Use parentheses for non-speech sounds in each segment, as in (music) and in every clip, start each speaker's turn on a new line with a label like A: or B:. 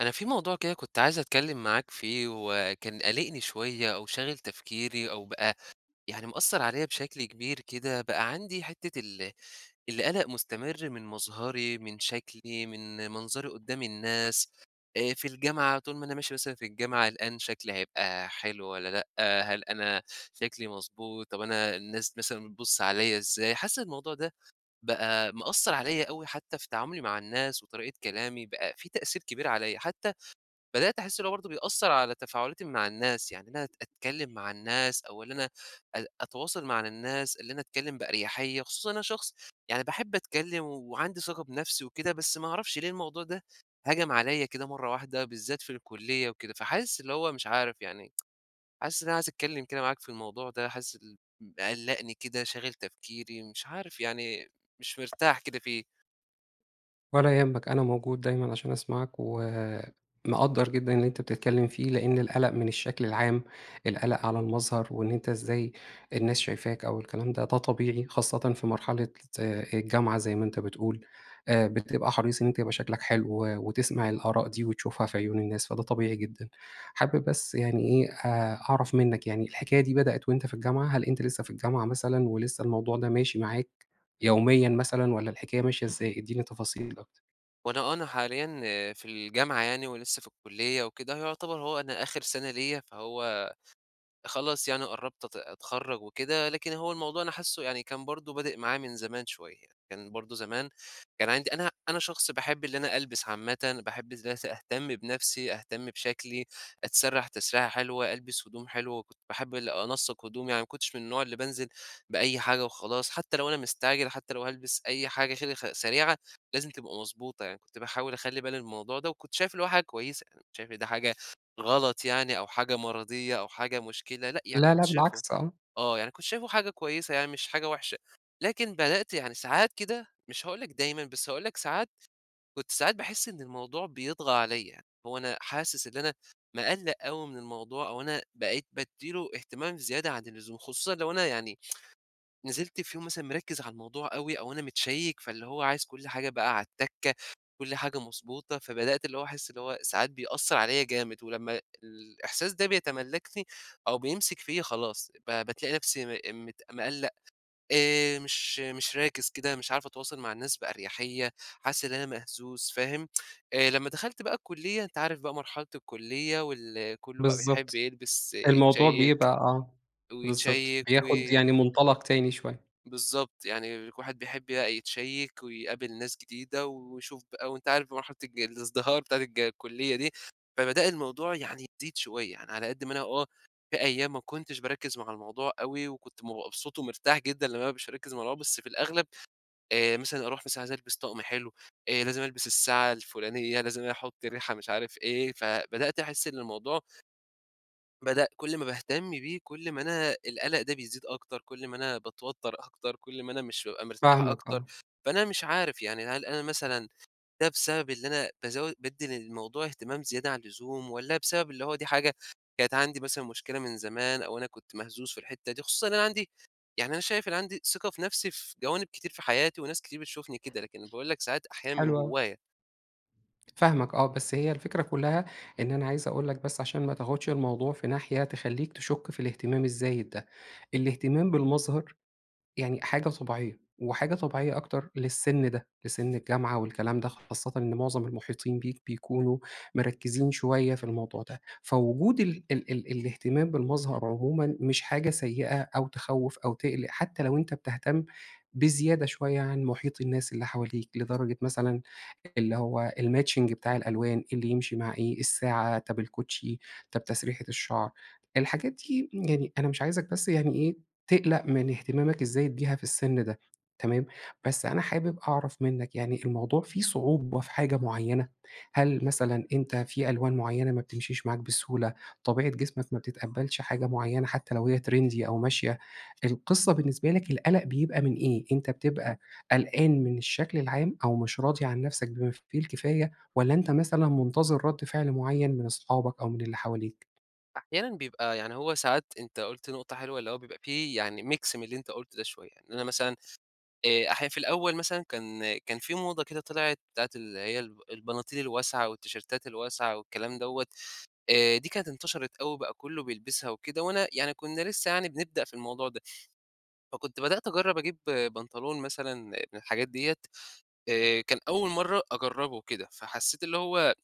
A: أنا في موضوع كده كنت عايز أتكلّم معاك فيه، وكان قالقني شويّة أو شاغل تفكيري أو بقى يعني مأثّر عليَّ بشكل كبير كده، بقى عندي حتّة ال القلق مستمر من مظهري، من شكلي، من منظري قدّام الناس، آآ، في الجامعة طول ما أنا ماشي مثلًا في الجامعة، قلقان شكلي هيبقى حلو والّا لأ، هل أنا شكلي مضبوط، طب أنا الناس مثلًا بتبُصّ عليَّ إزاي؟ حاسس الموضوع ده بقى مأثّر عليَّ أوي حتّى في تعاملي مع الناس وطريقة كلامي، بقى في تأثير كبير عليَّ، حتّى بدأت أحس إن هو برضو بيأثّر على تفاعلاتي مع الناس، يعني إن أنا أت أتكلّم مع الناس أو اللي أنا أ أتواصل م على الناس، اللي أنا أتكلّم بأرياحية، خصوصًا أنا شخص يعني باحب أتكلّم وعندي ثقة بنَفسي وكده، بس ما اعرفش ليه الموضوع ده هَجَم عليَّ كده مَرّة واحدة، بالذات في الكلية وكده. فحاسس اللي هو مش عارف يعني، (tsk) حاسس إن أنا عايز أتكلّم كده معاك في الموضوع ده، حاسس ال مقلّقني كده، شاغل تفكيري، مش عارف يعني، مش مرتاح كده فيه.
B: ولا يهمك، أنا موجود دايمًا عشان أسمعك، ومقدّر جدًا اللي أنت بتتكلّم فيه، لأن القلق من الشكل العام، القلق على المظهر وإن أنت إزاي الناس شايفاك أو الكلام ده، ده طبيعي، خاصةً في مرحلة ز آآ، الجامعة زي ما أنت بتقول، آآ، بتبقى حريص إن أنت يبقى شكلك حلو، و وتسمع الآراء دي وتشوفها في عيون الناس، فده طبيعي جدًا. حابب بس يعني إيه، آآ، أعرف منّك يعني، الحكاية دي بدأت وأنت في الجامعة؟ هل أنت لسّه في الجامعة مثلًا ولسّه الموضوع ده ماشي معاك يوميًا مثلًا، والّا الحكاية ماشية إزاي؟ ادّيني تفاصيل أكتر.
A: وأنا آه، أنا حاليّا في الجامعة، يعني ولسّه في الكلّية وكده، يُعتبر هو أنا آخر سنة ليّا، فهو خلاص يعني قرّبت أت أتخرّج وكده. لكن هو الموضوع أنا حاسه يعني كان برضو بادئ معايا من زمان شُويّة، كان برضو زمان كان عندي أنا أنا شخص باحب اللي أنا ألبس عامةً، وباحب ازا س أهتمّ بنفسي، أهتمّ بشكلي، أتسرّح تسريحة حلوة، ألبس هدوم حلوة، وكنت باحبّ ال أنسّق هدومي، يعني ما كنتش من النوع اللي بانزل بأيّ حاجة وخلاص، حتّى لو أنا مستعجل، حتّى لو هالبس أيّ حاجة خ كده سريعة، لازم تبقى مضبوطة، يعني كنت باحاول أخلي بالي من الموضوع ده، وكنت شايف اللي هو حاجة كويّسة، يعني مكنتش شايف إن ده حاجة غلط يعني أو حاجة مَرضيّة أو حاجة مُشكلة، لأ، يعني
B: لا،
A: كنت
B: لأ
A: شايفُه
B: بالعكس، آه.
A: آه، يعني كنت شايفُه حاجة كويّسة، يعني مش حاجة وحشة. لكن بدأت يعني ساعات كده، مش هاقول لك دايمًا، بس هاقول لك ساعات، كنت ساعات باحسّ إنّ الموضوع بيطغى عليّا، هو أنا حاسس إنّي أنا مقَلَق أوي من الموضوع، أو أنا بقيت بادّي له اهتمام زيادة عن اللزوم، خصوصًا لو أنا يعني (tsk) نزلت في يوم مثلًا مركّز على الموضوع أوي أو أنا متشيّك فاللي هو عايز كُلّ حاجة بقى عالتكّة، كُلّ حاجة مضبوطة، فبدأت اللي هو أحسّ اللي هو ساعات بيأثّر عليّا جامد. ولمّا الإحساس ده بيتملّكني أو بيمسك فيّا، خلاص، ب بتلاقي نفسي م مت مقلق، آآ، مش مش راكز كده، مش عارف أتواصل مع الناس بأريحية، حاسس إن أنا مهزوز، فاهم؟ (tsk) آآ، لمّا دخلت بقى الكلّية، أنتَ عارف بقى مرحلة الكلّية وال كلُّه بقى بيحبّ
B: بالضبط،
A: يلبس،
B: الموضوع
A: يتشيّك
B: بيبقى آه، بالضبط،
A: ويتشيك، و
B: بياخد يعني منطلق تاني شوية.
A: بالضبط، يعني كُل واحد بيحبّ بقى يتشيّك ويقابل ناس جديدة ويشوف بقى، وأنتَ عارف بمرحلة الج الازدهار بتاعة الج الكُلّية دي. فبدأ الموضوع يعني يزيد شُويّة، يعني على قدّ ما أنا آه، في أيّام ما كنتش باركّز مع الموضوع أوي، وكنت بابقى مبسوط ومرتاح جدًا لمّا أنا بابقى مش مركّز مع الموضوع، بس في الأغلب، آآ مثلًا أروح مثلًا عايز ألبس طقم حلو، آآ، لازم ألبس الساعة الفلانيّة، لازم أحطّ ريحة مش عارف إيه، فبدأت أحسّ إنّ الموضوع بدأ كُل ما باهتمّ بيه، كُل ما أنا القلق ده بيزيد أكتر، كُل ما أنا باتوتّر أكتر، كُل ما أنا مش بابقى مرتاح
B: فاهمك،
A: أكتر.
B: آه.
A: فأنا مش عارف، يعني هل أنا مثلًا ده بسبب اللي أنا بازو بادّي للموضوع اهتمام زيادة عن اللزوم، والّا بسبب اللي هو دي حاجة كانت عندي مثلًا مشكلة من زمان، أو أنا كنت مهزوز في الحتّة دي، خصوصًا إن أنا عندي يعني أنا شايف إن أنا عندي ثقة في نفسي في جوانب كتير في حياتي وناس كتير بتشوفني كده، لكن أنا باقول لك ساعات، أحيانًا من
B: حلو اوي.
A: جوّايا.
B: فاهمك، آه، بس هي الفكرة كلّها إن أنا عايز أقول لك بس علشان ما تاخدش الموضوع في ناحية تخليك تشك في الاهتمام الزايد ده، الاهتمام بالمظهر يعني حاجة طبيعيّة وحاجة طبيعيّة أكتر للسن ده، لسن الجامعة والكلام ده، خاصّةً إنّ مُعظم المحيطين بيك بيكونوا مركّزين شُويّة في الموضوع ده، فوجود ال ال ال الاهتمام بالمظهر عُمومًا مش حاجة سيّئة أو تخوّف أو تقلّق حتّى لو أنتَ بتهتمّ بزيادة شُويّة عن مُحيط الناس اللي حواليك، لدرجة مثلًا اللي هو الماتشينج بتاع الألوان، إيه اللي يمشي مع إيه، الساعة، طب الكوتشي، طب تسريحة الشعر. الحاجات دي، يعني أنا مش عايزك بس يعني إيه، تقلّق من اهتمامك الزايد بيها في السن ده، تمام، بس أنا حابب أعرف منّك، يعني الموضوع فيه صعوبة في حاجة معيّنة؟ هل مثلًا أنتَ في ألوان معيّنة ما بتمشيش معاك بسهولة؟ طبيعة جسمك ما بتتقبلش حاجة معيّنة، حتّى لو هي تريندي أو ماشية؟ القِصّة بالنسبة لك القلق بيبقى من إيه؟ أنتَ بتبقى قلقان من الشكل العام، أو مش راضي عن نفسك بما فيه الكفاية؟ والّا أنتَ مثلًا مُنتظر ردّ فعل معيّن من أصحابك أو من اللي حواليك؟
A: أحيانًا بيبقى يعني هو ساعات أنت قُلت نقطة حلوة، اللي هو بيبقى في يعني ميكس من اللي أنت قُلته ده شوية، إن أنا مثلًا آآ، أحيانًا في الأول مثلًا كان كان في موضة كده طِلعت بتاعة اللي هي الب البناطيل الواسعة والتيشيرتات الواسعة والكلام دوّة، آآ، دي كانت انتشرت أوي وبقى كله بيلبسها وكده، وأنا يعني كنا لسه يعني بنبدأ في الموضوع ده. فكنت بدأت أجرّب أجيب بنطلون مثلًا من الحاجات ديّة، آآ، كان أول مرة أجرّبه وكده، فحسيت اللي هو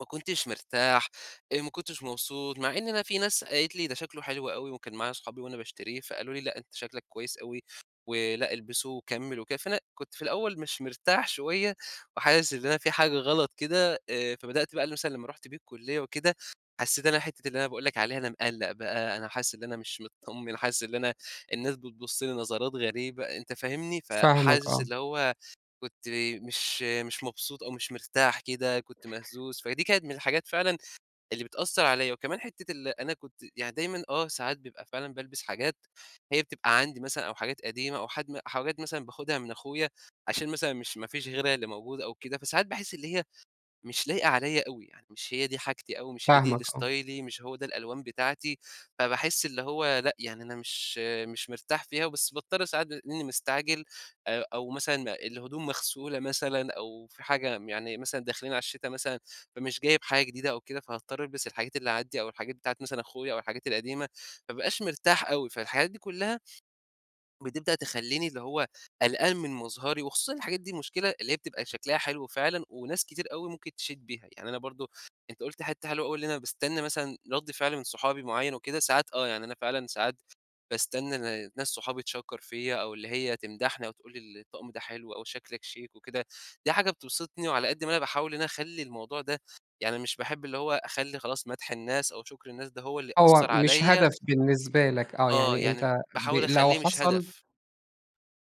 A: ما كنتش مرتاح، آآ، ما كنتش مبسوط، مع إن أنا في ناس قالت لي: "ده شكله حلو أوي." وكان معايا صحابي وأنا باشتريه فقالوا لي: "لأ، أنت شكلك كويس أوي ولأ، إلبسه وكمّل وكده." فأنا كنت في الأول مش مرتاح شوية وحاسس إن أنا في حاجة غلط كده، آآ، فبدأت بقى مثلًا لما رُحت بيه الكُلية وكده حسيت إن أنا حتّة اللي أنا باقول لك عليها، أنا مقّلّق بقى، أنا حاسس إن أنا مش مطّمن، حاسس إن أنا الناس بتبُص لي نظرات غريبة، أنت فاهمني؟
B: فاهمك،
A: فحاسس
B: آه.
A: اللي هو كنت مش مش مبسوط أو مش مرتاح كده، كنت مهزوز، فدي كانت من الحاجات فعلًا اللي بتأثّر عليَّ. وكمان حتة ال أنا كنت يعني دايمًا آه، ساعات بيبقى فعلًا بالبس حاجات هي بتبقى عندي مثلًا أو حاجات قديمة أو حد حاجات مثلًا باخدها من أخويا عشان مثلًا مش ما فيش غيرها اللي موجود أو كده، فساعات باحس اللي هي مش لايقة عليَّ أوي يعني، مش هي دي حاجتي أوي، مش هي دي
B: فاهمك،
A: اللي
B: آه.
A: ستايلي مش هو ده الألوان بتاعتي، فباحس اللي هو لأ، يعني أنا مش مش مرتاح فيها، بس باضطر ساعات بما إني مستعجل أ أو مثلًا الهدوم مغسولة مثلًا أو في حاجة م يعني مثلًا داخلين على الشتا مثلًا فمش جايب حاجة جديدة أو كده، فهاضطر ألبس الحاجات اللي عندي أو الحاجات بتاعة مثلًا أخويا أو الحاجات القديمة، ما ابقاش مرتاح أوي، فالحاجات دي كلها بتبدأ تخلّيني اللي هو قلقان من مظهري، وخصوصًا الحاجات دي المشكلة اللي هي بتبقى شكلها حلو فعلًا وناس كتير أوي ممكن تشيد بيها، يعني أنا برضو أنت قُلت حتّة حلوة أوي اللي أنا باستنى مثلًا رد فعل من صحابي معين وكده، ساعات آه يعني أنا فعلًا ساعات باستنى ن ناس صحابي تشَكّر فيَّ أو اللي هي تمدحني أو تقول لي ال الطقم ده حلو أوي، شكلك شيك وكده، دي حاجة بتبسطني، وعلى قدّ ما أنا باحاول إن أنا أخلي الموضوع ده يعني مش باحب اللي هو أخلّي خلاص، مدح الناس أو شكر الناس ده هو اللي
B: هو
A: يأثر
B: مش
A: عليَّ
B: هدف بالنسبة لك، آه،
A: آه،
B: يعني
A: يعني
B: أنت ب
A: باحاول
B: لو
A: أخليه مش
B: حصل
A: هدف.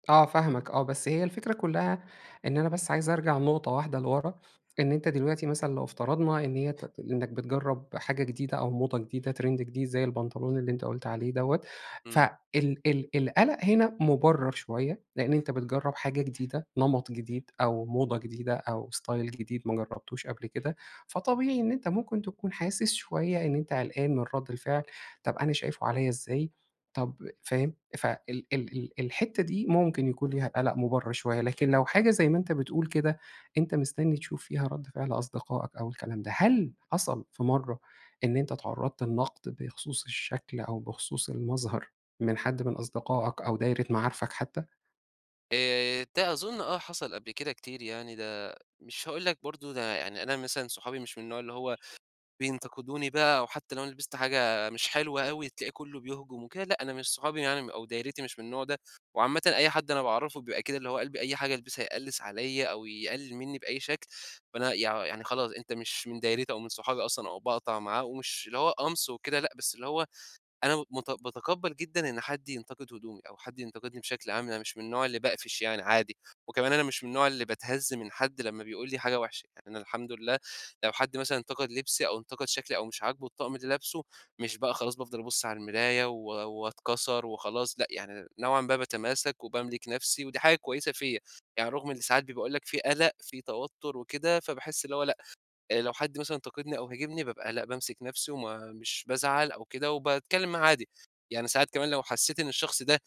B: آه فاهمك آه. بس هي الفكرة كُلّها إن أنا بس عايزأرجع نُقطة واحدة لوَرا. إن أنت دلوقتي مثلًا لو افترضنا إن هي تت إنّك بتجرّب حاجة جديدة، أو موضة جديدة، ترند جديد زي البنطلون اللي أنت قُلت عليه دوَّة.
A: إمم.
B: فال ال القلق هنا مُبَرّر شوية. لإن أنت بتجرّب حاجة جديدة، نَمَط جديد، أو موضة جديدة، أو ستايل جديد ما جرّبتوش قبل كده. فطبيعي إن أنت ممكن تكون حاسس شوية إن أنت قلقان من رَد الفعل. طب أنا شايفه عليّا إزاي، طب فاهم؟ فال ال ال الحتّة دي، ممكن يكون ليها قَلَق مُبَرّر شوية. لكن لو حاجة زي ما أنت بتقول كده، أنت مستنّي تشوف فيها رَد فعل أصدقائك أو الكلام ده. هل حصل في مرّة إن أنت اتعرّضت لنَقد بخصوص الشكل، أو بخصوص المظهر من حد من أصدقائك، أو دايرة معارفك حتّى؟
A: آآ، ده أظُن آه، حصل قبل كده كتير يعني ده مش هاقول لك برضه ده يعني أنا مثلًا صحابي مش من النوع اللي هو بينتقدوني بقى، أو حتّى لو أنا لبست حاجة مش حلوة أوي، تلاقي كُلّه بيهجم وكده، لأ أنا مش صحابي يعني، أو دايرتي مش من النوع ده. وعامةً أي حد أنا باعرفه بيبقى كده، اللي هو قلب أي حاجة ألبسها يقلِّس عليّا، أو يقلل مِنّي بأي شكل. فأنا يع يعني خلاص، أنت مش من دايرتي أو من صحابي أصلًا، أو باقطع معاه. ومش اللي هو قَمْص وكده لأ، بس اللي هو أنا مت باتقبّل جدًا إن حد ينتقد هدومي، أو حد ينتقدني بشكل عام. يعني مش من النوع اللي باقفش يعني عادي. وكمان أنا مش من النوع اللي باتهز من حد لمّا بيقول لي حاجة وحشة. أنا الحمد لله لو حد مثلًا انتقد لبسي، أو انتقد شكلي، أو مش عاجبه الطقم اللي لابسه، مش بقى خلاص بافضل أبُص على المرايا، و واتكَسر وخلاص لأ، يعني نوعًا ما باتماسك، وباملك نفسي، ودي حاجة كويسة فيّا. يعني رغم إن ساعات بي باقول لك في قَلَق، في توتُّر وكده، فباحس إن هو لأ، آآ لو حد مثلًا انتقدني، أو هاجمني بابقى لأ، بامسك نفسي وما مش بازعل أو كده، وباتكلّم معاه عادي. يعني ساعات كمان لو حسّيت إن الشخص ده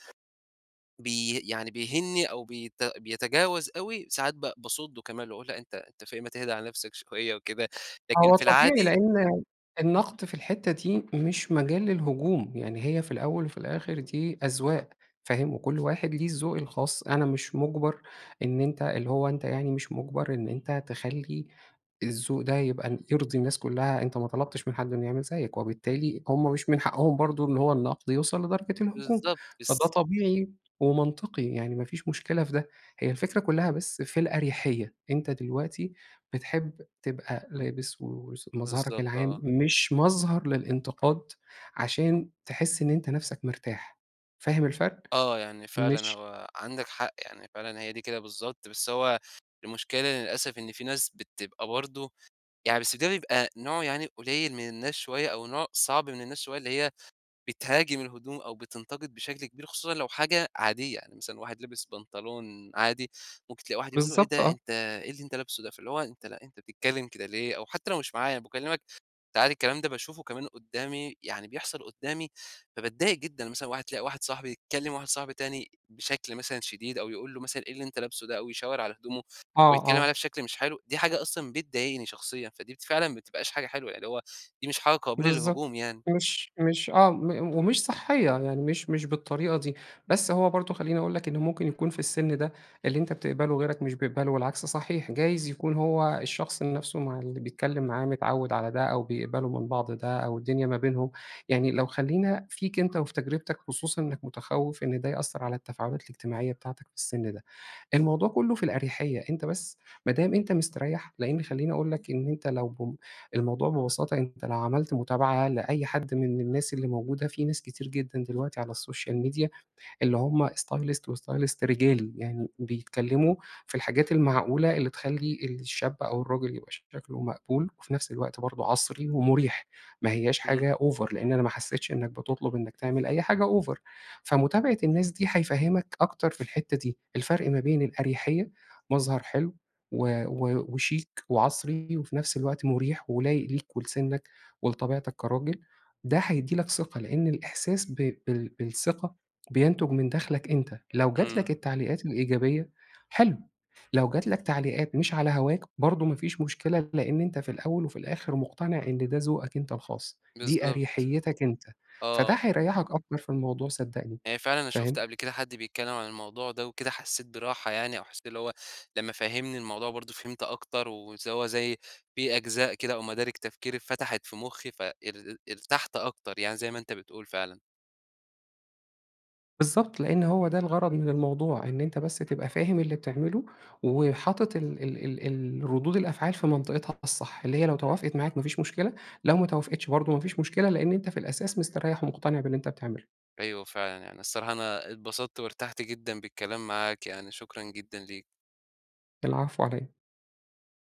A: بي يعني بيهينّي، أو بيت بيَتجاوز أوي، ساعات ب باصُدّه كمان واقول: "لأ أنت أنت في إيه؟ ما تهدا على نفسك شوية وكده." لكن
B: هو
A: في
B: طبيعي،
A: العادي
B: لإن النَقد في الحتّة دي مش مجال للهجوم. يعني هي في الأول وفي الآخر، دي أذواق فاهم؟ وكل واحد ليه الذوق الخاص. أنا مش مُجبَر إن أنت اللي هو أنت يعني مش مُجبَر إن أنت تخلّي الذوق ده يبقى يرضي الناس كُلّها. أنت ما طلبتش من حد إنه يعمل زيّك، وبالتالي هم مش من حقهم برضه إن هو النقد يوصل لدرجة الهجوم.
A: بالضبط.
B: فده
A: بس
B: طبيعي، ومنطقي. يعني ما فيش مشكلة في ده. هي الفكرة كُلّها بس في الأريحيّة. أنت دلوقتي بتحب تبقى لابس وس مظهرك
A: بالضبط
B: العام
A: آه.
B: مش مظهر للانتقاد، عشان تحِس إن أنت نفسك مرتاح، فاهم الفرق؟
A: آه. يعني فعلًا
B: مش
A: هو عندك حق. يعني فعلًا هي دي كده بالضبط، بس هو المشكلة إن للأسف إن في ناس بتبقى برضه يعني بس ده بيبقى نوع يعني قليّل من الناس شوية، أو نوع صعب من الناس شوية اللي هي بتهاجم الهدوم، أو بتنتقد بشكل كبير خصوصًا لو حاجة عادية. يعني مثلًا واحد لبس بنطلون عادي، ممكن تلاقي واحد يقول له :"إيه
B: بالضبط
A: ده
B: آه.
A: أنت إيه اللي انت لابسه ده؟!" فاللي هو أنت لأ أنت بتتكلّم كده ليه؟ أو حتّى لو مش معايا، أنا باكلّمك فعادي الكلام ده باشوفه كمان قُدّامي، يعني بيحصل قدامي، فباتضايق جدًا. مثلًا واحد تلاقى واحد صاحبي بيكلّم واحد صاحبي تاني بشكل مثلًا شديد، أو يقول له مثلًا: "إيه اللي أنت لابسه ده." أو يشاور على هدومه،
B: آه،
A: ويتكلّم عليها
B: آه.
A: بشكل مش حلو، دي حاجة أصلًا بتضايقني شخصيًا، فدي فعلًا ما بتبقاش حاجة حلوة. يعني اللي هو، دي مش حاجة قابلة
B: بالضبط.
A: للهجوم يعني.
B: مش مش آه. م ومش صحّية. يعني مش مش بالطريقة دي. بس هو برضه خلّيني أقول لك، إنه ممكن يكون في السن ده اللي أنت بتقبله غيرك مش بيقبله والعكس صحيح. جايز يكون هو الشخص نفسه مع اللي بيتكلّم معاه متعوّد على ده، أو بيقبلوا من بعض ده، أو الدنيا ما بينهم يعني لو خلّينا فيك أنت وفي تجربتك، خصوصًا إنّك متخوّف إن ده يأثّر على التفاعلات الاجتماعية بتاعتك في السن ده. الموضوع كُلّه في الأريحيّة. أنت بس ما دام أنت مستريّح، لإن خلّيني أقول لك إن أنت لو بم الموضوع ببساطة، أنت لو عملت متابعة لأي حد من من الناس اللي موجودة، في ناس كتير جدًا دلوقتي على السوشيال ميديا اللي هم stylist وstylist رجالي. يعني بيتكلّموا في الحاجات المعقولة اللي تخلّي الشاب، أو الراجل يبقى شكله مقبول، وفي نفس الوقت برضه عَصري، ومُريح. ما هيّاش
A: إمم.
B: حاجة over. لإن أنا ما حسّيتش إنّك بتطلب إنّك تعمل أي حاجة over. فمتابعة الناس دي، هيفهّمك أكتر في الحتّة دي. الفرق ما بين الأريحيّة مظهر حلو، و و وشيك، وعَصري، وفي نفس الوقت مُريح، ولايق ليك، ولسِنّك، ولطبيعتك كراجل. ده هيدّي لك ثقة، لإن الاحساس ب بال بالثقة، بينتُج من داخلك أنت. لو جات
A: إمم.
B: لك التعليقات الايجابية حلو، لو جات لك تعليقات مش على هَواك برضه ما فيش مشكلة، لإن أنت في الاول وفي الآخر، مُقتنع إن ده ذوقك أنت الخاص. دي
A: بالضبط.
B: أريحيتّك أنت. فده
A: آه.
B: هيريّحك أكتر في الموضوع صدّقني،
A: يعني فعلًا أنا شُفت
B: فاهم؟
A: قبل كده حد بيتكلّم عن الموضوع ده وكده، حسّيت براحة يعني، أو حسّيت إن هو لمّا فهّمني الموضوع برضه فهمت أكتر. ونس هو زي في أجزاء كده، أو مَدارِك تفكري اتفتحت في مُخّي، ف ار ارتحت أكتر. يعني زي ما أنت بتقول فعلًا.
B: بالضبط. لإن هو ده الغَرَض من الموضوع. إن أنت بس تبقى فاهم اللي بتعمله، وحاطط ال ال الردود الأفعال في منطقتها الصح. اللي هي لو توافقت معاك ما فيش مشكلة، لو ما توافقتش برضه ما فيش مشكلة، لإن أنت في الأساس مستريّح، ومُقتنع باللي أنت بتعمله.
A: أيوه فعلًا. يعني الصراحة أنا اتبسطت، وارتحت جدًا بالكلام معاك. يعني شكرًا جدًا ليك.
B: العفو على إيه؟